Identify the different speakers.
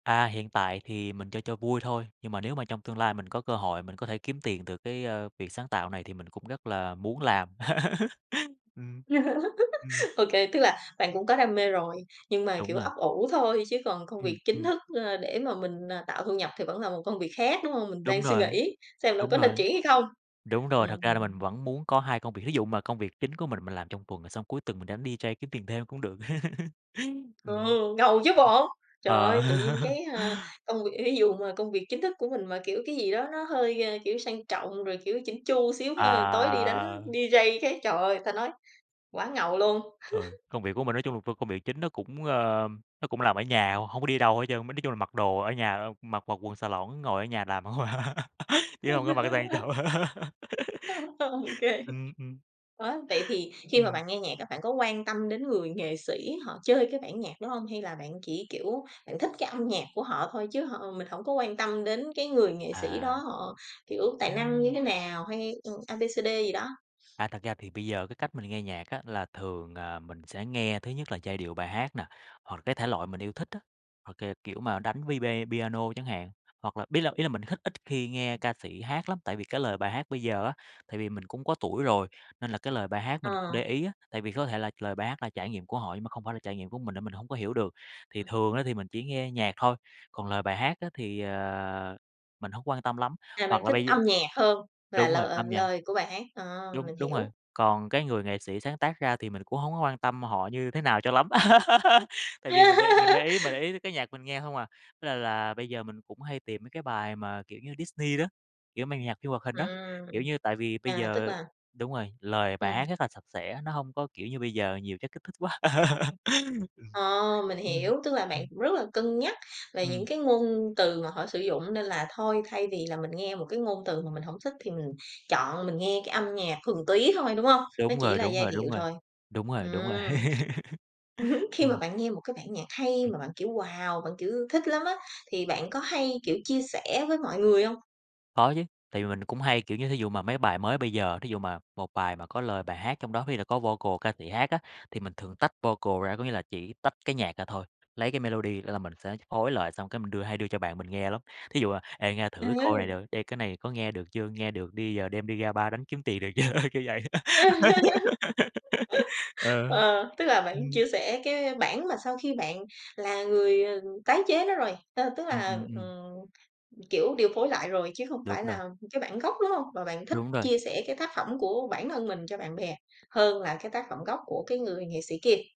Speaker 1: À, hiện tại thì mình chơi cho vui thôi. Nhưng mà nếu mà trong tương lai mình có cơ hội mình có thể kiếm tiền từ cái, a, việc sáng tạo này thì mình cũng rất là muốn làm. Ừm. Ừm.
Speaker 2: Ô kê. Tức là bạn cũng có đam mê rồi, nhưng mà,
Speaker 1: Đúng
Speaker 2: kiểu,
Speaker 1: rồi.
Speaker 2: ấp ủ thôi, chứ còn công việc
Speaker 1: Ừm,
Speaker 2: chính
Speaker 1: ừm.
Speaker 2: thức nữa, ờ, để mà mình, ờ, tạo thu nhập thì vẫn là một công việc khác, đúng hông? Mình
Speaker 1: Đúng
Speaker 2: đang suy
Speaker 1: rồi.
Speaker 2: nghĩ xem là
Speaker 1: Đúng
Speaker 2: có nên
Speaker 1: rồi.
Speaker 2: chuyển hay không.
Speaker 1: Đúng rồi,
Speaker 2: Ừm,
Speaker 1: thật ra là mình
Speaker 2: ừm.
Speaker 1: vẫn muốn có 2 công việc. Thí dụ mà công việc chính của mình, mình làm trong tuần, xong cuối tuần mình đánh DJ kiếm tiền thêm cũng được.
Speaker 2: Ừ,
Speaker 1: Ừm.
Speaker 2: ngầu chứ bộ! Trời
Speaker 1: Ờ.
Speaker 2: ơi! Tự nhiên cái, a, công việc thí dụ mà công việc chính thức của mình mà, kiểu, cái gì đó nó hơi, a, kiểu, sang trọng, rồi, kiểu, chỉnh chu xíu ha. Tối đi đánh
Speaker 1: À.
Speaker 2: DJ cái, trời ơi! Ta nói, quá ngầu luôn!
Speaker 1: Ừ. Công việc của mình nói chung là vô công việc chính nó cũng, ơ, nó cũng làm ở nhà, h hông có đi đâu hết trơn, mới nói chung là mặc đồ ở nhà, a, mặc mặc quần xà lỏn, ngồi ở nhà làm hông à, chứ hông có mặc sang trọng.
Speaker 2: Ô kê.
Speaker 1: Ừm, ừm.
Speaker 2: Á, vậy thì khi mà
Speaker 1: Ừm.
Speaker 2: bạn nghe nhạc á bạn có quan tâm đến người nghệ sĩ họ chơi cái bản nhạc đó hông? Hay là bạn chỉ, kiểu, bạn thích cái âm nhạc của họ thôi chứ hông mình hổng có quan tâm đến cái người nghệ sĩ đó,
Speaker 1: À.
Speaker 2: họ, kiểu, tài năng như
Speaker 1: Ừm!
Speaker 2: thế nào hay, ừ, A B C D gì đó?
Speaker 1: À, thật ra thì bây giờ cái cách mình nghe nhạc á là thường, à, mình sẽ nghe thứ nhất là giai điệu bài hát nè, hoặc cái thể loại mình yêu thích á. Ô kê, kiểu, mà đánh vibe piano chẳng hạn. Hoặc là biết là ý là mình hích ít khi nghe ca sĩ hát lắm. Tại vì cái lời bài hát bây giờ á, tại vì mình cũng có tuổi rồi, nên là cái lời bài hát mình
Speaker 2: Ờ.
Speaker 1: để ý á. Tại vì có thể là lời bài hát là trải nghiệm của họ nhưng mà không phải là trải nghiệm của mình mình hổng có hiểu được. Thì thường á thì mình chỉ ngheơ nhạc thôi, còn lời bài hát á thì, à, mình hông quan tâm lắm.
Speaker 2: Là
Speaker 1: Hoặc
Speaker 2: bạn
Speaker 1: là
Speaker 2: thích
Speaker 1: bây giơ
Speaker 2: âm nhạc hơn là
Speaker 1: đúng rồi,
Speaker 2: lợ
Speaker 1: âm nhạc.
Speaker 2: lời của bài hát. Ờ!
Speaker 1: Đúng,
Speaker 2: Mình
Speaker 1: đúng rồi.
Speaker 2: hiểu.
Speaker 1: Còn cái người nghệ sĩ sáng tác ra thì mình cũng hổng có quan tâm họ như thế nào cho lắm. Tại vì mình để mình để ý mà để ý tới cái nhạc mình nghe hông à. Nên là là bây giờ mình cũng hay tìm mấy cái bài mà, kiểu như, Disney đó, kiểu mà nhạc phim hoạt hình á,
Speaker 2: Ừm.
Speaker 1: kiểu như, tại vì bây
Speaker 2: À, tức
Speaker 1: giờ
Speaker 2: là
Speaker 1: đúng rồi, lời bài
Speaker 2: Ừm.
Speaker 1: hát rất là sạch sẽ. Nó hông có, kiểu, như bây giờ nhiều chất kích thích quá..
Speaker 2: Ờ, mình
Speaker 1: Ừm.
Speaker 2: hiểu! Tức là
Speaker 1: Ừm.
Speaker 2: bạn rất là cân nhắc về những
Speaker 1: Ừm.
Speaker 2: cái ngôn từ mà họ sử dụng, nên là thôi thay vì là mình nghe một cái ngôn từ mà mình hổng thích thì mình chọn mình nghe cái âm nhạc thuần túy thôi, đúng hông? Nó
Speaker 1: Đúng
Speaker 2: chỉ
Speaker 1: rồi,
Speaker 2: là
Speaker 1: đúng
Speaker 2: giai
Speaker 1: rồi,
Speaker 2: điệu
Speaker 1: đúng rồi.
Speaker 2: thôi.
Speaker 1: Đúng rồi, đúng rồi.
Speaker 2: Ừm. Ưm hứm, khi mà
Speaker 1: Ừm.
Speaker 2: bạn nghe một cái bản nhạc hay,
Speaker 1: Ừm.
Speaker 2: mà bạn, kiểu, wow, bạn, kiểu, thích lắm á, thì bạn có hay, kiểu, chia sẻ với mọi người hông?
Speaker 1: Có chứ. Tại vì mình cũng hay, kiểu, như thí dụ mà mấy bài mới bây giờ, thí dụ mà một bài mà có lời bài hát trong đó, có khi là có vocal ca sĩ hát á, thì mình thường tách vocal ra, có nghĩa là chỉ tách cái nhạc ra thôi, lấy cái melody đó là mình sẽ phối lợi xong cái mình đưa hay đưa cho bạn mình nghe lắm. Thí dụ, à, "Ê, nghe thử
Speaker 2: Ờ.
Speaker 1: cái cô này được, ê, cái này có nghe được chưa? Nghe được đi, ờ, đem đi ra bar đánh kiếm tiền được chưa?" Kiểu vậy. Ờ.
Speaker 2: Ờ, tức là bạn
Speaker 1: Ừm.
Speaker 2: chia sẻ cái, ơ, bản mà sau khi bạn là người, ờ, tái chế nó rồi. Tơ tức
Speaker 1: Ừm,
Speaker 2: là,
Speaker 1: ừm, ừm.
Speaker 2: ừm, kiểu, điều phối lại rồi chứ hông
Speaker 1: Đúng
Speaker 2: phải
Speaker 1: rồi.
Speaker 2: là cái bản gốc, đúng hông? Mà bạn thích
Speaker 1: Đúng rồi.
Speaker 2: chia sẻ cái tác phẩm của bản thân mình cho bạn bè hơn là cái tác phẩm gốc của cái người nghệ sĩ kia.